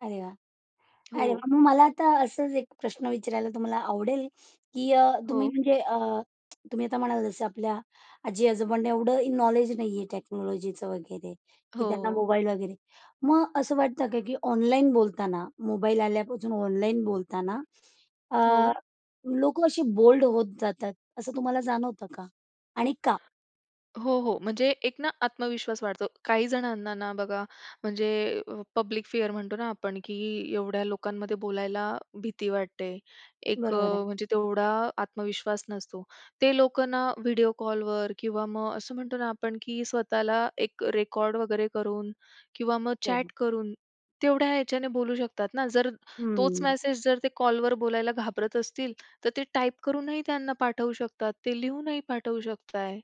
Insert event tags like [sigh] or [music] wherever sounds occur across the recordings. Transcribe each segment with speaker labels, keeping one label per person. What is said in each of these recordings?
Speaker 1: अरे वाह! अरे वाह!
Speaker 2: हो.
Speaker 1: मग मला आता असंच एक प्रश्न विचारायला तुम्हाला आवडेल, की अ, तुम्ही
Speaker 2: हो.
Speaker 1: म्हणजे अ, तुम्ही आता म्हणाला जसं आपल्या आजी आजोबांनी एवढं नॉलेज नाही आहे टेक्नॉलॉजीचं वगैरे की त्यांना
Speaker 2: हो.
Speaker 1: मोबाईल वगैरे, मग असं वाटतं का, की ऑनलाईन बोलताना मोबाईल आल्यापासून ऑनलाईन बोलताना अ,
Speaker 2: हो.
Speaker 1: लोकं अशी बोल्ड होत जातात असं तुम्हाला जाणवतं का आणि का?
Speaker 2: हो, हो. म्हणजे एक ना आत्मविश्वास वाढतो. काही जणांना ना बघा म्हणजे पब्लिक फिअर म्हणतो ना आपण, की एवढ्या लोकांमध्ये बोलायला भीती वाटते. अ,
Speaker 1: बरोबर आहे.
Speaker 2: म्हणजे तेवढा आत्मविश्वास नसतो. ते लोकं ना व्हिडिओ कॉलवर किंवा मग असं म्हणतो ना, आपण की स्वतःला एक रेकॉर्ड वगैरे करून किंवा मग
Speaker 1: हो, हो.
Speaker 2: चॅट करून तेवढ्या याच्याने बोलू शकतात ना, जर तोच
Speaker 1: हम्म.
Speaker 2: मेसेज जर ते कॉलवर बोलायला घाबरत असतील, तर ते टाइप करूनही त्यांना पाठवू शकतात, ते लिहूनही पाठवू शकताय.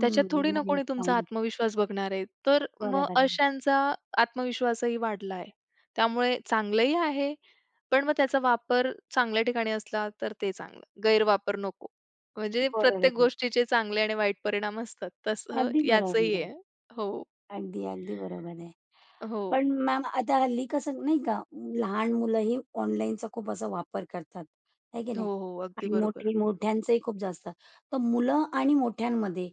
Speaker 2: त्याच्यात थोडी ना
Speaker 1: नाईस
Speaker 2: कोणी तुमचा
Speaker 1: पॉइंट.
Speaker 2: आत्मविश्वास बघणार आहे, तर मग
Speaker 1: बरोबर आहे.
Speaker 2: अशांचा आत्मविश्वासही वाढला आहे. त्यामुळे चांगलंही आहे. पण मग त्याचा वापर चांगल्या ठिकाणी असला तर ते चांगलं, गैरवापर नको. म्हणजे
Speaker 1: बरोबर
Speaker 2: प्रत्येक
Speaker 1: आहे.
Speaker 2: गोष्टीचे चांगले आणि वाईट परिणाम असतात तसं
Speaker 1: अगदी
Speaker 2: याच
Speaker 1: बरोबर
Speaker 2: ही
Speaker 1: आहे.
Speaker 2: आहे. हो.
Speaker 1: अगदी, अगदी बरोबर आहे.
Speaker 2: [sighs] हो.
Speaker 1: पण मॅम आता हल्ली कसं नाही का लहान मुलंही ऑनलाईनचा खूप असा वापर करतात, आहे की
Speaker 2: हो,
Speaker 1: नाही
Speaker 2: हो. अगदी
Speaker 1: आणि
Speaker 2: बरोबर.
Speaker 1: मोठे मोठ्यांचंही खूप जास्त, तर मुलं आणि मोठ्यांमध्ये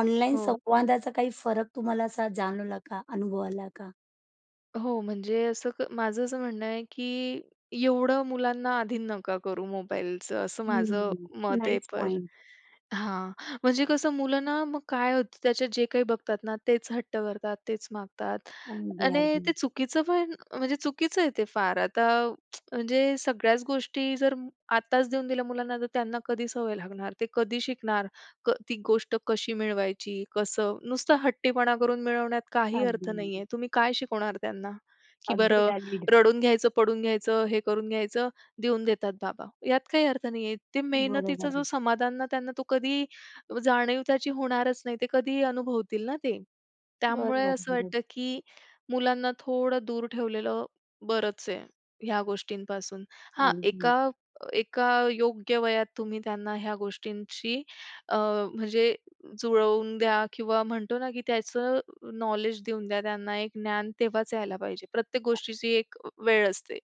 Speaker 1: ऑनलाईन
Speaker 2: हो.
Speaker 1: संवादाचा काही फरक तुम्हाला असा जाणवला का, अनुभवला का?
Speaker 2: हो, म्हणजे असं क माझं असं म्हणणं आहे, की एवढं मुलांना आधीन नका करू मोबाईलचं असं माझं
Speaker 1: हम्म.
Speaker 2: मत आहे.
Speaker 1: नाईस
Speaker 2: पर
Speaker 1: पॉइंट.
Speaker 2: [sighs] हां, म्हणजे कसं मुलं ना, मग काय होतं त्याच्यात जे काही बघतात ना, तेच हट्ट करतात, तेच मागतात
Speaker 1: अगदी
Speaker 2: आणि ते
Speaker 1: अगदी.
Speaker 2: चुकीचं पण म्हणजे चुकीचं आहे ते फार. आता [smacks lips] म्हणजे सगळ्याच गोष्टी जर आत्ताच देऊन दिल्या मुलांना, तर त्यांना कधी सवय लागणार, ते कधी शिकणार क, ती गोष्ट कशी मिळवायची. कसं नुसता हट्टीपणा करून मिळवण्यात काही अर्थ
Speaker 1: अगदी.
Speaker 2: नाहीये. तुम्ही काय शिकवणार त्यांना की
Speaker 1: अगदी
Speaker 2: बरं
Speaker 1: व्हॅलीड.
Speaker 2: रडून घ्यायचं, पडून घ्यायचं, हे करून घ्यायचं देऊन देतात बाबा यात काही अर्थ नाहीये. ते
Speaker 1: बरोबर
Speaker 2: मेहनतीचं जो
Speaker 1: आहे.
Speaker 2: समाधान ना त्यांना तो कधीही जाणीव त्याची होणारच नाही. ते कधी अनुभवतील ना ते. त्यामुळे
Speaker 1: बरोबर,
Speaker 2: असं
Speaker 1: बरोबर.
Speaker 2: वाटतं, की मुलांना थोडं दूर ठेवलेलं बरंच आहे, ह्या गोष्टींपासून. हां,
Speaker 1: अगदी.
Speaker 2: एका एका योग्य वयात तुम्ही त्यांना ह्या गोष्टींची अ, म्हणजे जुळवून द्या किंवा म्हणतो ना की त्याचं नॉलेज देऊन द्या त्यांना, एक ज्ञान तेव्हाच यायला पाहिजे. प्रत्येक गोष्टीची एक वेळ असते.